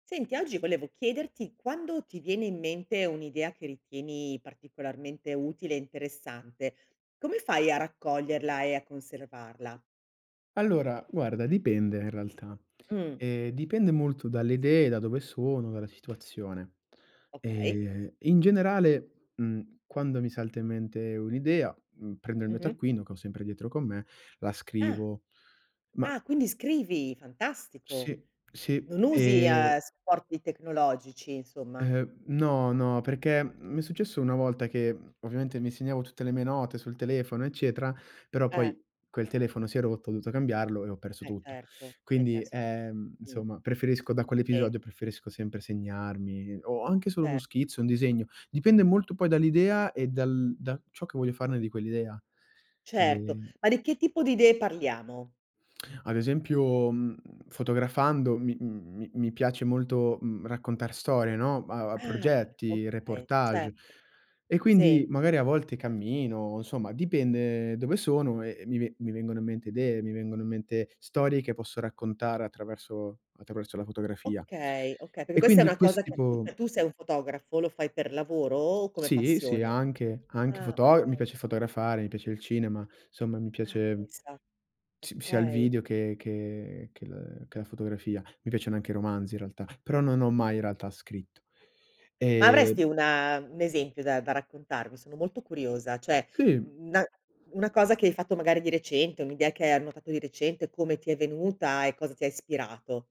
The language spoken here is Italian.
Senti, oggi volevo chiederti, quando ti viene in mente un'idea che ritieni particolarmente utile e interessante, come fai a raccoglierla e a conservarla? Allora, guarda, dipende in realtà. Mh. Ehm, dipende molto dalle idee, da dove sono, dalla situazione. Okay. Ehm, in generale, mhmm, quando mi salta in mente un'idea, mhmm, prendo il mio Mh-mh. taccuino, che ho sempre dietro con me, la Ah. scrivo. Ma Ah, Quindi scrivi, fantastico. Sì. Sì. Non usi, ehm, Ehm supporti tecnologici, insomma. Ehm, no, no, perché, mhmm, mi è successo una volta che mhmm, ovviamente mi segnavo tutte le mie note sul telefono eccetera, però Eh. poi quel telefono si è rotto, ho dovuto cambiarlo e ho perso Eh, tutto. certo, hai Quindi, perso ehm, Mh. insomma preferisco da Si. quell'episodio preferisco sempre segnarmi o anche solo uno Certo. schizzo, un disegno, dipende molto poi dall'idea e dal da ciò che voglio farne di quell'idea. Certo. Ehm Ma di che tipo di idee parliamo? Ad esempio, mhmm, fotografando mi mi mi piace molto, mhmm, raccontar storie, no, a a Ah, progetti, okay, reportage. certo. E quindi Si. magari a volte cammino, insomma dipende dove sono e e mi ve mi vengono in mente idee, mi vengono in mente storie che posso raccontare attraverso attraverso la fotografia. Okay, okay, perché E questa è quindi una questo cosa che tu tipo cioè tu sei un fotografo, lo fai per lavoro o come Sì, sì, passione? anche, anche Ah, foto mi okay. piace fotografare, mi piace il cinema, somma mi Ah, piace pensa. si sia il Okay. video che che che l che la fotografia, mi piacciono anche i romanzi in realtà, però non ho mai in realtà scritto. Ma avresti Ehm una u un esempio da da raccontarmi? Sono molto curiosa, cioè, Si. mhmm, n na una cosa che hai fatto magari di recente, un'idea che hai annotato di recente, come ti è venuta e cosa ti ispirato.